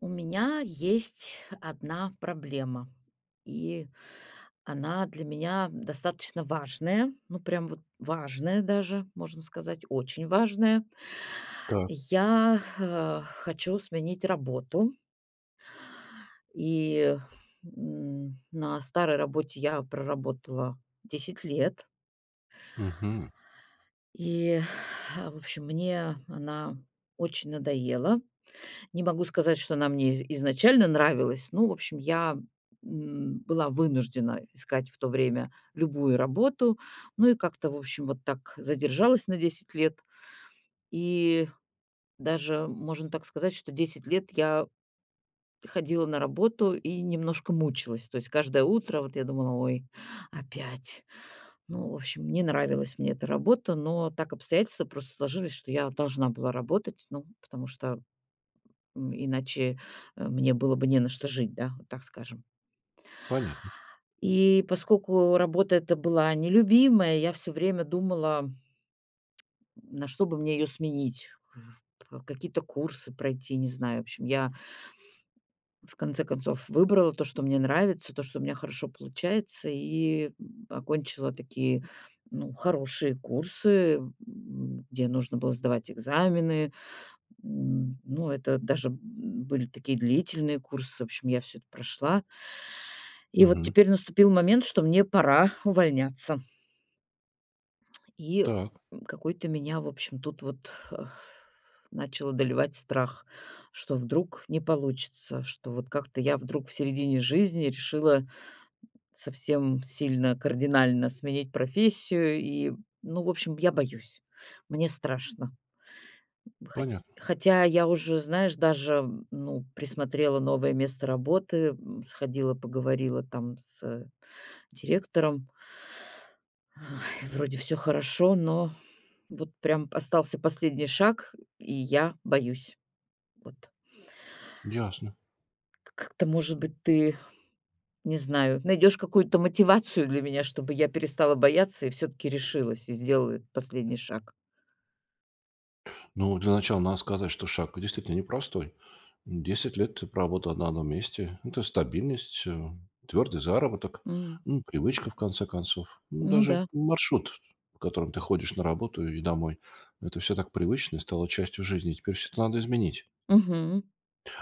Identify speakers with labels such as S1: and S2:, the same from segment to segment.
S1: У меня есть 1 проблема, и она для меня достаточно важная. Ну, прям вот важная даже, можно сказать, очень важная.
S2: Так.
S1: Я, э, хочу сменить работу. И, м, на старой работе я проработала 10 лет.
S2: Мгм.
S1: И, в общем, мне она очень надоела. Не могу сказать, что она мне из изначально нравилась, но, в общем, я, м, была вынуждена искать в то время любую работу. Ну и как-то, в общем, вот так задержалась на 10 лет. И даже можно так сказать, что 10 лет я ходила на работу и немножко мучилась. То есть каждое утро, вот, я думала: "Ой, опять". Ну, в общем, не нравилась мне эта работа, но так обстоятельства просто сложились, что я должна была работать, ну, потому, м, иначе, э, мне было бы не на что жить, да, вот так скажем.
S2: Понятно.
S1: И поскольку работа эта была нелюбимая, я всё время думала н на что бы мне её сменить, какие-то курсы пройти, не знаю. В общем, я в конце концов выбрала то, что мне нравится, то, что у меня хорошо получается, и окончила такие, ну, хорошие курсы, м, где нужно было сдавать экзамены. М, ну, это даже были такие длительные курсы, в общем, я всё это прошла. И вот
S2: Мгм.
S1: теперь наступил момент, что мне пора увольняться. И,
S2: Так.
S1: м, какой-то меня, в общем, тут вот Э. Начал одолевать страх, что вдруг не получится, что вот как-то я вдруг в середине жизни решила совсем сильно кардинально сменить профессию и, ну, в общем, я боюсь, мне страшно. Хоть
S2: Понятно.
S1: хотя я уже, знаешь, даже, ну, присмотрела новое место работы, м, сходила, поговорила там с директором. Вроде всё хорошо, но вот прям п остался последний шаг, и я боюсь. Вот.
S2: Ясно.
S1: К как-то, может быть, ты, не знаю, найдешь какую-то мотивацию для меня, чтобы я перестала бояться и всё-таки решилась и сделала этот последний шаг.
S2: Ну, для начала надо сказать, что шаг действительно непростой. 10 лет ты проработал на одном месте. Это стабильность, твёрдый заработок,
S1: М.
S2: ну, привычка, в конце концов. Ну,
S1: Ну
S2: даже
S1: да.
S2: маршрут, по которому ты ходишь на работу и домой. Это всё так привычно и стало частью жизни. Теперь всё это надо изменить.
S1: Мгм.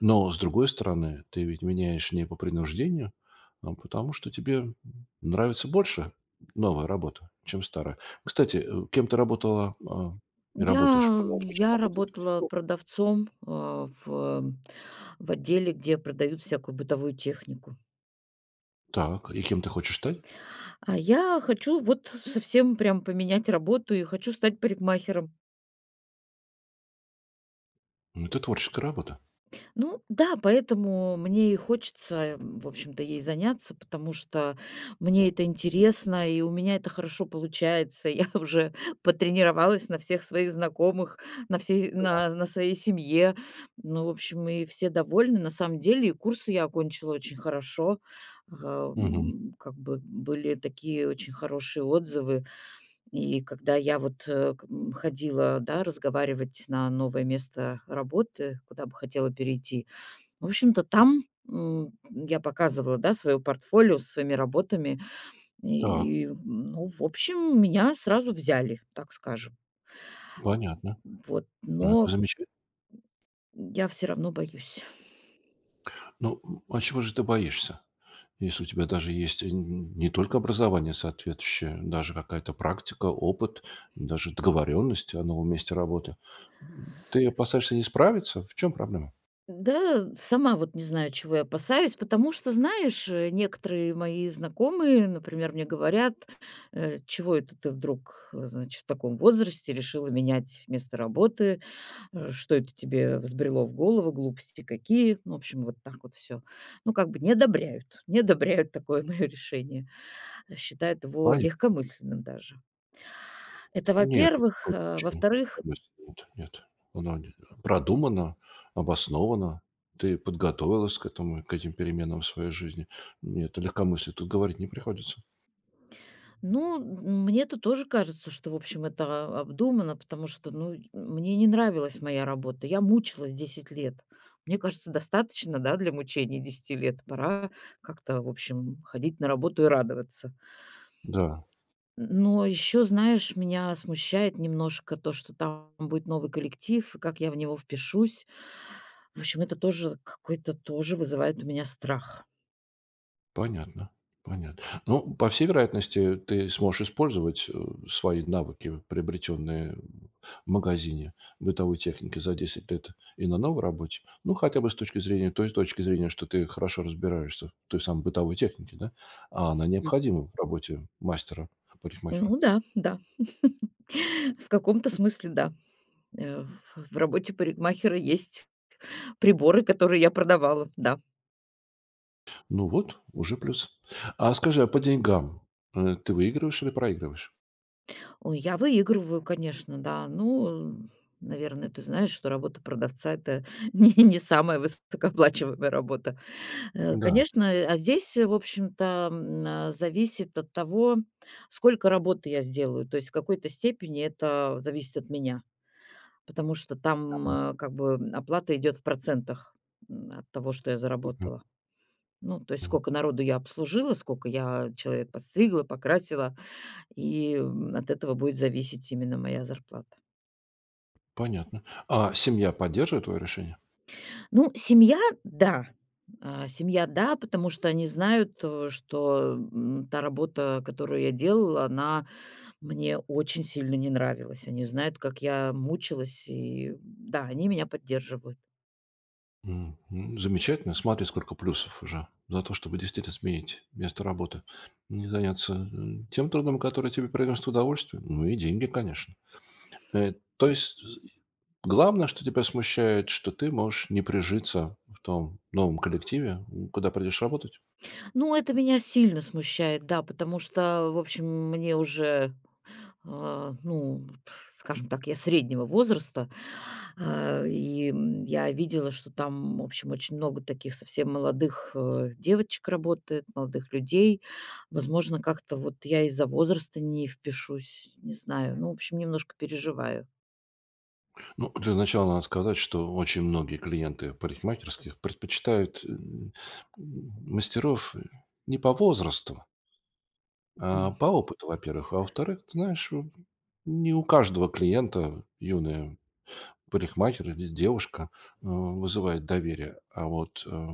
S2: Но, с другой стороны, ты ведь меняешь не по принуждению, а потому, что тебе нравится больше новая работа, чем старая. Кстати, э, кем ты работала, а, и работаешь,
S1: Я
S2: продолжаешь
S1: я
S2: работать до сих
S1: работала
S2: пор?
S1: продавцом, э, в в отделе, где продают всякую бытовую технику.
S2: Так, и кем ты хочешь стать?
S1: А, я хочу вот совсем прям поменять работу и хочу стать парикмахером.
S2: Ну, это творческая работа.
S1: Ну да, поэтому мне и хочется, м, в общем-то, ей заняться, потому что мне это интересно, и у меня это хорошо получается. Я уже потренировалась на всех своих знакомых, на всей
S2: Так.
S1: на на своей семье. Ну, в общем, и все довольны. На самом деле, курсы я окончила очень хорошо,
S2: Мгм.
S1: ам, как бы были такие очень хорошие отзывы. И когда я, вот, э, как м ходила, да, разговаривать на новое место работы, куда бы хотела перейти, в общем-то, там, м, я показывала, да, свое портфолио со своими работами,
S2: Так.
S1: и, м, ну, в общем, меня сразу взяли, так скажем.
S2: Понятно.
S1: Вот,
S2: Ну, это
S1: но
S2: замечательно.
S1: М, я всё равно боюсь.
S2: Ну, м, а чего же ты боишься, если у тебя даже есть н не только образование соответствующее, даже какая-то практика, опыт, даже договорённость о новом месте работы? М, ты опасаешься не справиться? В чём проблема?
S1: Да, сама вот не знаю, чего я опасаюсь, потому что, знаешь, э, некоторые мои знакомые, например, мне говорят, э: "Чего это ты вдруг, значит, в таком возрасте решила менять место работы? Э, что это тебе взбрело в голову? Глупости какие". Ну, в общем, вот так вот всё. Ну, как бы, не одобряют не одобряют такое моё решение, считают его
S2: Понятно.
S1: легкомысленным даже. Это,
S2: Нет.
S1: во-первых,
S2: Это
S1: э. А
S2: точно не
S1: во-вторых
S2: легкомысленно, нет нет, оно не продумано, обосновано. Ты подготовилась к этому к этим переменам в своей жизни. Нет, о легкомыслии тут говорить не приходится.
S1: Ну, м мне-то тоже кажется, что, в общем, это обдумано, потому что, ну, й мне не нравилась моя работа. Я мучилась 10 лет. Мне кажется, достаточно, да, для мучений 10 лет. Пора как-то, в общем, ходить на работу и радоваться.
S2: Да.
S1: Н но ещё, знаешь, меня смущает немножко то, что там будет новый коллектив, и как я в него впишусь. В общем, это тоже какой-то тоже вызывает у меня страх.
S2: Понятно, понятно. Ну, по всей вероятности, ты сможешь использовать, а, свои навыки, приобретённые в в магазине бытовой техники за 10 лет и на новой работе. Ну, хотя бы с точки зрения той точки зрения, что ты хорошо разбираешься в той самой бытовой технике, да, а она
S1: Мгм.
S2: необходимой в работе мастера-парикмахера.
S1: Ну да, да. В каком-то смысле да. Э, в в работе парикмахера есть приборы, которые я продавала, да.
S2: Ну вот, уже плюс. А скажи, а по деньгам, э, ты выигрываешь или проигрываешь?
S1: Ой, я выигрываю, конечно, да. Ну, н наверно, ты знаешь, что работа продавца- это не не самая высокооплачиваемая работа.
S2: Да.
S1: Конечно, а здесь, в общем-то, м, а, зависит от того, сколько работы я сделаю. То есть в какой-то степени это зависит от меня, потому что
S2: Да,
S1: там,
S2: мгм.
S1: э, как бы оплата идет в процентах, м, от того, что я
S2: Мгм.
S1: заработала. Ну, то есть
S2: Мгм.
S1: скока народу я обслужила, скока я человек подстригла, покрасила, и, м, от этого будет зависеть именно моя зарплата.
S2: Понятно. А семья поддерживает твоё решение?
S1: Ну, семья, да, а, семья, да, потому что они знают, о, что, м, та работа, которую я делала, она мне очень сильно не нравилась. Они знают, как я мучилась, и, м, да, они меня поддерживают.
S2: М, м, замечательно. Смотри, сколько плюсов уже за то, чтобы действительно сменить место работы. Не заняться, э, тем трудом, который тебе приносит удовольствие, ну и деньги, конечно. Э, то есть, э, и, главное, что тебя смущает, что ты можешь не прижиться в том новом коллективе, у куда придешь работать?
S1: Ну, это меня сильно смущает, да, потому что, в общем, мне уже, а, ну, скажем так, я среднего возраста, а, и, м, я видела, что там, в общем, очень много таких совсем молодых, э, девочек работает, молодых людей. Возможно, как-то вот я из-за возраста не впишусь, не знаю. Ну, в общем, немножко переживаю.
S2: Ну, для начала надо сказать, что очень многие клиенты парикмахерских предпочитают н м, мастеров не по возрасту, а,
S1: М.
S2: по опыту, во-первых. А, во-вторых, ты знаешь, эм, не у каждого клиента юная парикмахер или девушка, э, вызывает доверие, а вот, э,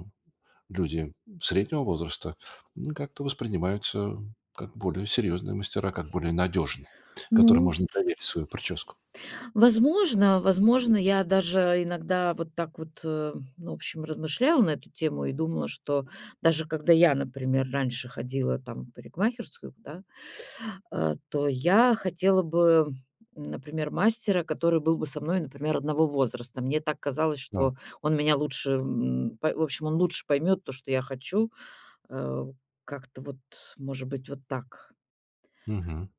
S2: люди среднего возраста, ну, как-то воспринимаются как более серьезные мастера, как более надежные, которым
S1: Ну.
S2: можно доверить свою прическу.
S1: Возможно, возможно, я даже иногда вот так вот, ну, в общем, размышляла на эту тему и думала, что даже когда я, например, раньше ходила, там, в парикмахерскую, да, а, то я хотела бы, например, мастера, который был бы со мной, например, одного возраста. Мне так казалось,
S2: Да.
S1: что он меня лучше н па в общем, он лучше поймёт то, что я хочу. Э, как-то вот, может быть, вот так.
S2: Мгм,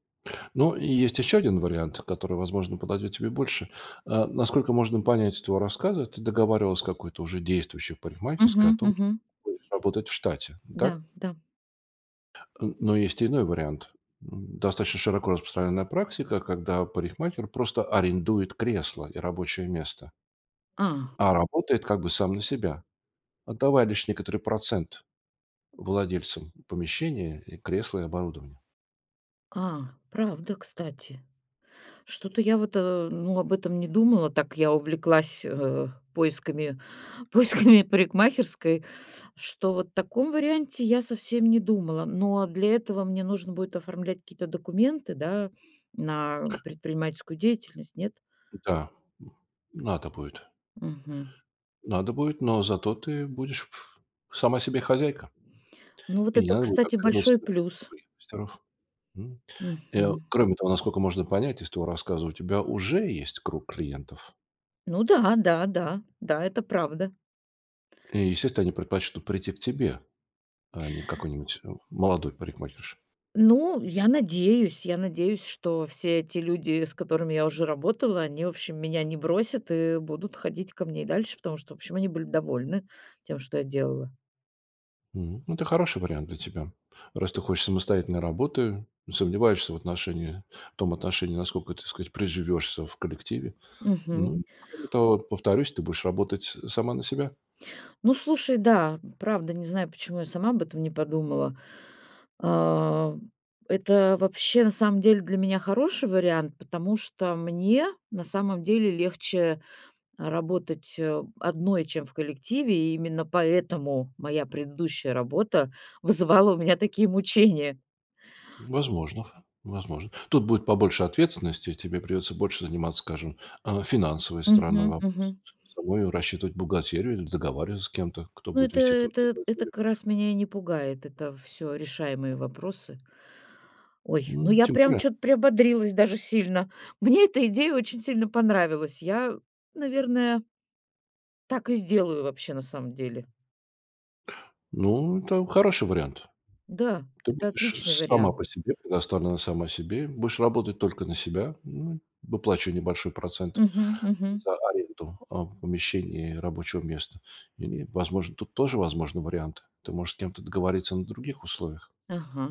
S2: но и есть еще 1 вариант, который, возможно, подойдет тебе больше. Э, насколько можно понять из твоего рассказа, ты договаривалась с какой-то уже действующей парикмахерской о
S1: Мгм,
S2: том, что
S1: мгм.
S2: ты будешь работать в штате, так?
S1: Да да.
S2: Н но есть иной вариант. М, достаточно широко распространенная практика, когда парикмахер просто арендует кресло и рабочее место
S1: А.
S2: а работает, как бы, сам на себя, отдавая лишь некоторый процент владельцам помещения, и кресла, и оборудования.
S1: А, правда, кстати. Что-то я вот, э, ну, об этом не думала, так я увлеклась, э, поисками поисками парикмахерской, что вот о таком варианте я совсем не думала. Но для этого мне нужно будет оформлять какие-то документы, да, на предпринимательскую деятельность, нет?
S2: М, да, н надо будет.
S1: Мгм.
S2: Надо будет, но зато ты будешь в сама себе хозяйка.
S1: Ну, вот
S2: И не
S1: это,
S2: надо будет
S1: кстати,
S2: оглядываться
S1: большой плюс.
S2: [unintelligible] мастеров. М. Э,
S1: Мгм.
S2: кроме того, насколько можно понять из твоего рассказа, у тебя уже есть круг клиентов.
S1: Ну да, да, да, да, это правда.
S2: И, естественно, они предпочту прийти к тебе, а не какой-нибудь м молодой парикмахерше.
S1: Ну, я надеюсь я надеюсь, что все эти люди, с которыми я уже работала, они, в общем, меня не бросят и будут ходить ко мне и дальше, потому что, в общем, они были довольны тем, что я делала.
S2: М. Ну, это хороший вариант для тебя, раз ты хочешь самостоятельной работы, сомневаешься в отношении, в том отношении, насколько, так сказать, приживешься в коллективе.
S1: Мгм.
S2: Ну, кроме того, повторюсь, ты будешь работать, э, сама на себя.
S1: Ну, слушай, да, правда, не знаю, почему я сама об этом не подумала. А, это вообще, на самом деле, для меня хороший вариант, потому что мне, на самом деле, легче, а, работать, э, одной, чем в коллективе, и именно поэтому моя предыдущая работа вызывала у меня такие мучения.
S2: М, возможно возможно. Тут будет побольше ответственности, тебе придется больше заниматься, скажем, э, финансовой стороной
S1: Мгм,
S2: вопроса.
S1: мгм.
S2: Самой рассчитывать бухгалтерию или договариваться с кем-то, кто
S1: Ну,
S2: будет
S1: это
S2: вести твою
S1: это это
S2: бухгалтерию.
S1: как раз меня и не пугает. Это всё решаемые вопросы. Ой, ну
S2: М,
S1: я
S2: тем
S1: прям
S2: более.
S1: чё-то приободрилась даже сильно. Мне эта идея очень сильно понравилась. Я, наверное так и сделаю вообще, на самом деле.
S2: Ну, это хороший вариант.
S1: Да,
S2: Ты
S1: это
S2: будешь
S1: отличный
S2: сама
S1: вариант.
S2: по себе, предоставлена сама себе. Будешь работать только на себя, м, выплачивая небольшой процент
S1: Мгм, мгм.
S2: за аренду, а, помещений рабочего места. И, возможно, тут тоже возможны варианты. Ты можешь с кем-то договориться на других условиях.
S1: Ага,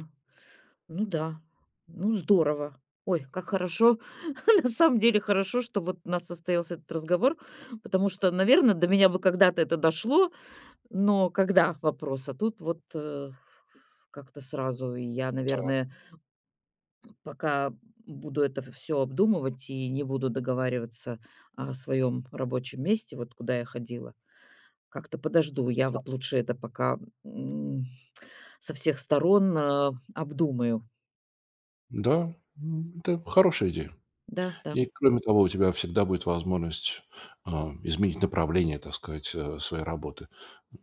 S1: ну да, ну здорово. Ой, как хорошо. На самом деле хорошо, что вот у нас состоялся этот разговор, потому что, наверно, до меня бы когда-то это дошло, но когда- вопрос. А тут вот, э, как-то сразу. И я,
S2: Так.
S1: наверное пока буду это в всё обдумывать и не буду договариваться о своём рабочем месте, вот куда я ходила, как-то подожду. Я
S2: Так.
S1: вот лучше это пока, м, со всех сторон, а, обдумаю.
S2: Да, м, это хорошая идея.
S1: Да-да.
S2: И, кроме того, у тебя всегда будет возможность, а, изменить направление, так сказать, э, своей работы.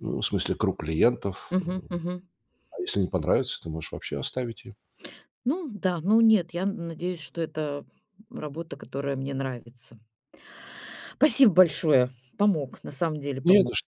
S2: Ну, в смысле, круг клиентов,
S1: Мгм,
S2: эм.
S1: мгм.
S2: А если не понравится, ты можешь вообще оставить ее.
S1: Ну да, ну нет, я н надеюсь, что это работа, которая мне нравится. Спасибо большое, помог, на самом деле
S2: Не
S1: помог.
S2: за что.